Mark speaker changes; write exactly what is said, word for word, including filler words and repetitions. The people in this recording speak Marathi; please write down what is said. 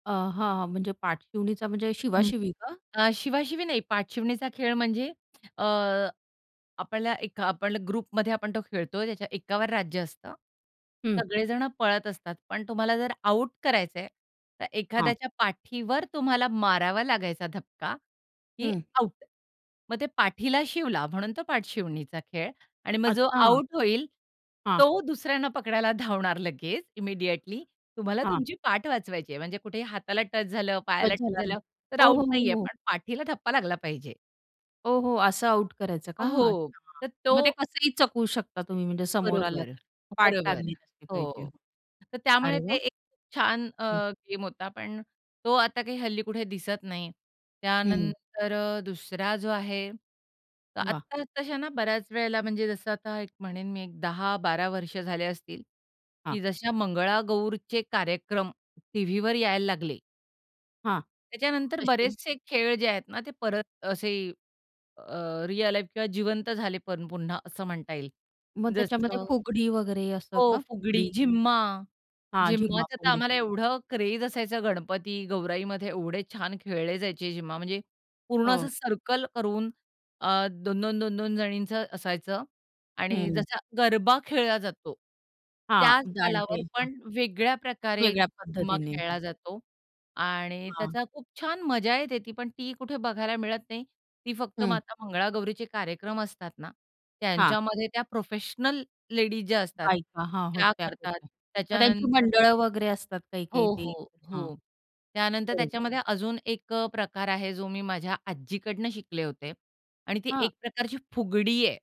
Speaker 1: अ, हां, हां म्हणजे पाठशिवणीचा म्हणजे
Speaker 2: [unintelligible]
Speaker 1: शिवाशिवी का?
Speaker 2: अ, शिवाशिवी नाही. पाठशिवणीचा खेळ म्हणजे अ, आपल्याला एक आपल्याला ग्रुपमध्ये आपण तो खेळतोय, त्याच्या एकावर राज्य असतं.
Speaker 1: हं.
Speaker 2: सगळे जणं पळत असतात, पण तुम्हाला जर आउट करायचं आहे, तर
Speaker 1: हां.
Speaker 2: एखाद्याच्या पाठीवर तुम्हाला मारावा लागायचा धक्का की
Speaker 1: हं.
Speaker 2: आउट. मग ते पाठीला शिवला म्हणून तो पाठशिवणीचा खेळ आणि मग जो
Speaker 1: अच्छा.
Speaker 2: आउट होईल
Speaker 1: हां.
Speaker 2: तो दुसऱ्यांना पकडायला धावणार लगेच इमिडिएटली. तुम्हाला
Speaker 1: हां.
Speaker 2: तुमची पाठ वाचवायची आहे, म्हणजे कुठेही हाताला टच झालं, पायाला
Speaker 1: टच
Speaker 2: टच
Speaker 1: झाला
Speaker 2: झालं,
Speaker 1: म्हणजे.
Speaker 2: तर
Speaker 1: हो,
Speaker 2: आउट
Speaker 1: हो, हो,
Speaker 2: नाहीये,
Speaker 1: हो.
Speaker 2: पण पाठीला धप्पा लागला पाहिजे.
Speaker 1: हो, हो. असं आउट करायचं का
Speaker 2: हो,
Speaker 1: अच्छा.
Speaker 2: तर
Speaker 1: मग ते
Speaker 2: तो
Speaker 1: कसंही चकवू शकता तुम्ही म्हणजे समोर आलात
Speaker 2: बरोबर,
Speaker 1: तर, पाठ
Speaker 2: बरोबर.
Speaker 1: लागली नसली पाहिजे.
Speaker 2: हो, तर
Speaker 1: अरे
Speaker 2: त्यामुळे ते
Speaker 1: वाह!
Speaker 2: एक खूप छान अ,
Speaker 1: हं.
Speaker 2: गेम होता, पण तो आता काही हल्ली कुठे दिसत नाही.
Speaker 1: हं.
Speaker 2: त्यानंतर अ, दुसरा जो आहे, तर
Speaker 1: वाह!
Speaker 2: आत्ता आत्ताशाना बऱ्याच वेळेला म्हणजे जसं आता एक म्हणेन, मी एक दहा बारा वर्ष झाले असतील, की
Speaker 1: हां.
Speaker 2: जसे मंगळागौरचे कार्यक्रम टीव्हीवर यायला लागले
Speaker 1: हां,
Speaker 2: त्याच्यानंतर
Speaker 1: तशी.
Speaker 2: बरेचसे खेळ जे आहेत ना, ते परत असे अ, रिअल लाईफ किंवा जिवंत झाले पण पुन्हा अ, म्हणता येईल.
Speaker 1: मग त्याच्यामध्ये
Speaker 2: जसं,
Speaker 1: फुगडी वगैरे असं
Speaker 2: हो,
Speaker 1: का?
Speaker 2: फुगडी,
Speaker 1: फुगडी?
Speaker 2: झिम्मा,
Speaker 1: हां, झुम्मा
Speaker 2: झिम्माच तर
Speaker 1: फुगडी.
Speaker 2: आम्हाला एवढं क्रेझ असायचं गणपती गौराईमध्ये एवढे छान खेळले जायचे झिम्मा म्हणजे, पूर्ण असं
Speaker 1: हो.
Speaker 2: सर्कल करून अ, दोन, दोन, दोन, दोन जणींचं असायचं आणि
Speaker 1: हं.
Speaker 2: जसा गरबा खेळला जातो,
Speaker 1: हां,
Speaker 2: त्या स्थलावर
Speaker 1: जाणते. हां.
Speaker 2: पण वेगळ्या प्रकारे
Speaker 1: वेगळ्या
Speaker 2: झूम्मा
Speaker 1: पद्धतीने. हं.
Speaker 2: खेळला जातो आणि
Speaker 1: हां.
Speaker 2: त्याचा खूप छान मजा येते. ती पण ती कुठे बघायला मिळत नाही. ती फक्त
Speaker 1: हं.
Speaker 2: माता मंगळागौरीचे कार्यक्रम असतात ना,
Speaker 1: हां.
Speaker 2: त्यांच्यामध्ये त्या प्रोफेशनल लेडीज ज्या असतात
Speaker 1: बायका हां,
Speaker 2: त्या
Speaker 1: होत्या
Speaker 2: करतात.
Speaker 1: पूर्वी. त्यांची
Speaker 2: त्याच्यानंतर
Speaker 1: मंडळ वगैरे असतात
Speaker 2: हो,
Speaker 1: काही-काही ते.
Speaker 2: हो,
Speaker 1: हां,
Speaker 2: हो. त्यानंतर
Speaker 1: बरोबर.
Speaker 2: त्याच्यामध्ये अजून एक अ, प्रकार आहे. जो मी माझ्या आज्जीकडून शिकले होते आणि ती
Speaker 1: हां.
Speaker 2: एक प्रकारची फुगडी आहे.